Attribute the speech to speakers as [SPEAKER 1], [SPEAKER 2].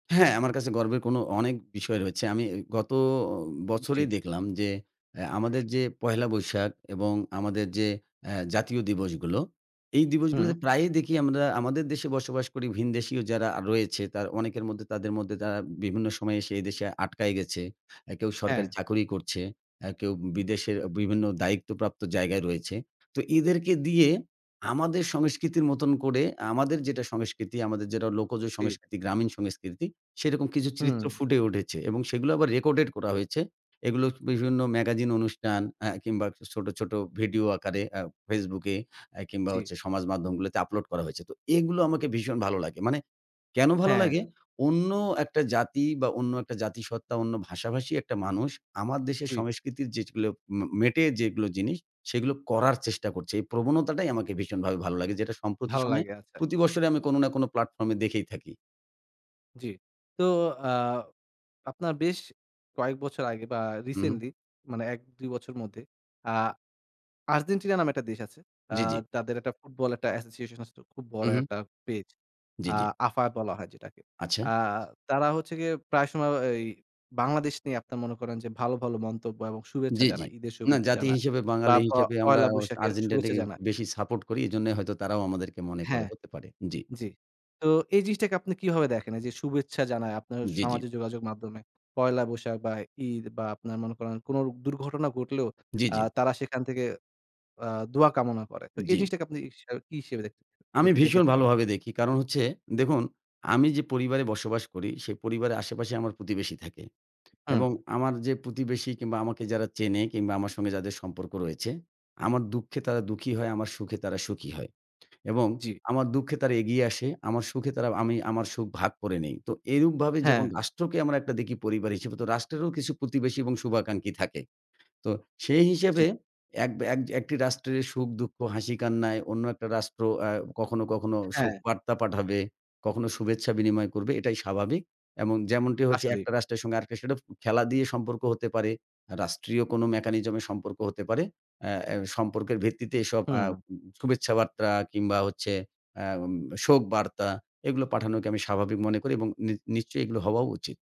[SPEAKER 1] হ্যাঁ, আমার কাছে গর্বের কোনো অনেক বিষয় রয়েছে। আমি গত
[SPEAKER 2] উ জ্বী।
[SPEAKER 1] বছরেই দেখলাম যে এ আমাদের যে পহেলা বৈশাখ এবং আমাদের যে এ জাতীয় দিবসগুলো। এই
[SPEAKER 2] হুম।
[SPEAKER 1] দিবসগুলোতে প্রায়ই দেখি আমরা আমাদের দেশে বসবাস করি ভিন দেশীয় যারা রয়েছে। তারা অনেকের মধ্যে তাদের মধ্যে তারা বিভিন্ন সময়ে এসে এদেশে আটকায় গেছে। এ কেউ সরকারি
[SPEAKER 2] হ্যাঁ।
[SPEAKER 1] চাকুরি করছে, এ কেউ বিদেশের বিভিন্ন দায়িত্ব প্রাপ্ত জায়গায় রয়েছে। তো এদেরকে দিয়ে আমাদের সংস্কৃতির মতন করে আমাদের যেটা সংস্কৃতি, আমাদের যেটা লোকজ
[SPEAKER 2] জ্বী।
[SPEAKER 1] সংস্কৃতি, গ্রামীণ সংস্কৃতি। সেরকম কিছু চিত্র
[SPEAKER 2] হুম।
[SPEAKER 1] ফুটে উঠেছে এবং সেগুলা আবার রেকর্ডেড করা হয়েছে। এগুলো বিভিন্ন ম্যাগাজিন অনুষ্ঠান আ কিংবা ছোট, ছোট ভিডিও আকারে আ Facebook এ আ কিংবা
[SPEAKER 2] জ্বী।
[SPEAKER 1] হচ্ছে সমাজ মাধ্যমগুলোতে আপলোড করা হয়েছে। তো এগুলো আমাকে ভীষণ ভালো লাগে। মানে কেনো ভালো
[SPEAKER 2] হ্যাঁ।
[SPEAKER 1] লাগে? অন্য একটা জাতি বা অন্য একটা জাতিসত্ত্বা অন্য ভাষাভাষী একটা মানুষ, আমার দেশের
[SPEAKER 2] জ্বী।
[SPEAKER 1] সংস্কৃতির যেগুলো মে মেটে, যেগুলো জিনিস। সেগুলো করার চেষ্টা করছে। এই প্রবণতাটাই আমাকে ভীষণভাবে ভালো লাগে। যেটা সম্প্রতি সময়ে
[SPEAKER 2] ভাল্লাগে আচ্ছা।
[SPEAKER 1] প্রতি বৎসরই আমি কোনো না কোনো প্লাটফর্মে দেখেই থাকি।
[SPEAKER 2] জ্বী। তো অ্যা আপনার বেশ কয়েক বছর আগে বা
[SPEAKER 1] উ হুম।
[SPEAKER 2] রিসেন্টলি মানে ১ ২ বছরের মধ্যেই আ আর্জেন্টিনা নামে একটা দেশ আছে। আ
[SPEAKER 1] জ্বী, জ্বী।
[SPEAKER 2] তাদের একটা ফুটবল একটা অ্যাসোসিয়েশন আছে, খুব
[SPEAKER 1] উ
[SPEAKER 2] বড়
[SPEAKER 1] হুম।
[SPEAKER 2] একটা পেজ।
[SPEAKER 1] জ্বী,
[SPEAKER 2] আ
[SPEAKER 1] জ্বী।
[SPEAKER 2] AFA বলা হয় যেটাকে। আ
[SPEAKER 1] আচ্ছা।
[SPEAKER 2] তারা হচ্ছে গিয়ে প্রায় সময় এই বাংলাদেশ নিয়ে আপনারা মনে করেন যে ভালো, ভালো মন্তব্য এবং শুভেচ্ছা
[SPEAKER 1] জ্বী, জ্বী।
[SPEAKER 2] জানায়। ঈদের
[SPEAKER 1] না
[SPEAKER 2] শুভেচ্ছা
[SPEAKER 1] জাতি
[SPEAKER 2] জানা
[SPEAKER 1] হিসেবে
[SPEAKER 2] বা
[SPEAKER 1] বাঙালি
[SPEAKER 2] প
[SPEAKER 1] হিসেবে আমরা
[SPEAKER 2] পয়লা
[SPEAKER 1] অস
[SPEAKER 2] বৈশাখের শুভেচ্ছা
[SPEAKER 1] আর্জেন্টাইনটাকে
[SPEAKER 2] জানায়।
[SPEAKER 1] বেশি সাপোর্ট করি। এজন্য হয়তো তারাও আমাদেরকে মনে করে
[SPEAKER 2] হ্যাঁ,
[SPEAKER 1] হতে পারে। জ্বী।
[SPEAKER 2] জ্বী। তো এই জিনিসটাকে আপনি কিভাবে দেখেন? এইযে শুভেচ্ছা জানায়, আপনার
[SPEAKER 1] জ্বী, জ্বী।
[SPEAKER 2] সামাজিক যোগাযোগ মাধ্যমে। পয়লা বৈশাখ বা ঈদ বা আপনার মনে করেন কোনো দুর্ঘটনা ঘটলেও
[SPEAKER 1] জ্বী,
[SPEAKER 2] আ
[SPEAKER 1] জ্বী।
[SPEAKER 2] তারা সেখান থেকে আ দোয়া কামনা করে। তো এই
[SPEAKER 1] জ্বী।
[SPEAKER 2] জিনিসটাকে আপনি হিসাবে কি হিসেবে
[SPEAKER 1] আমি
[SPEAKER 2] দেখে দেখে
[SPEAKER 1] ভীষণ
[SPEAKER 2] থাকেন আর?
[SPEAKER 1] ভালোভাবে দেখি। কারণ হচ্ছে দেখুন আমি যে পরিবারে বসবাস করি, সেই পরিবারের আশেপাশে আমার প্রতিবেশী থাকে
[SPEAKER 2] হুম।
[SPEAKER 1] এবং আমার যে প্রতিবেশী কিংবা আমাকে যারা চেনে কিংবা আমার সঙ্গে যাদের সম্পর্ক রয়েছে। আমার দুঃখে তারা দুঃখী হয়, আমার সুখে তারা সুখী হয় এবং
[SPEAKER 2] জ্বী।
[SPEAKER 1] আমার দুঃখে তারা এগিয়ে আসে। আমার সুখে তারা আমি আমার সুখ ভাগ করে নেই। তো এরূপভাবে যখন
[SPEAKER 2] হ্যাঁ।
[SPEAKER 1] রাষ্ট্রকে আমরা একটা দেখি পরিবার হিসেবে। রাষ্ট্রেরও কিছু প্রতিবেশী এবং শুভাকাঙ্ক্ষী থাকে। তো সেই
[SPEAKER 2] জ্বী।
[SPEAKER 1] হিসেবে এক বা এক যে একটি রাষ্ট্রের সুখ-দুঃখ, হাসি-কান্নায় অন্য একটা রাষ্ট্র অ্যা কখনো, কখনো
[SPEAKER 2] হ্যাঁ।
[SPEAKER 1] শোকবার্তা পাঠাবে, কখনো শুভেচ্ছা বিনিময় করবে। এটাই স্বাভাবিক এবং যেমনটি হচ্ছে
[SPEAKER 2] আসলেই।
[SPEAKER 1] একটা রাষ্ট্রের সঙ্গে আরেকটা সেডফ খেলা দিয়ে সম্পর্ক হতে পারে। রাষ্ট্রীয় কোনো মেকানিজমে সম্পর্ক হতে পারে। এ এ সম্পর্কের ভিত্তিতে এসব অ্যা উ
[SPEAKER 2] হুম।
[SPEAKER 1] শুভেচ্ছা বার্তা কিংবা হচ্ছে অ্যা এম শোক বার্তা এগুলো পাঠানোকে আমি স্বাভাবিক মনে করি এবং নি নিশ্চয়ই এগুলো হওয়াও উচিত।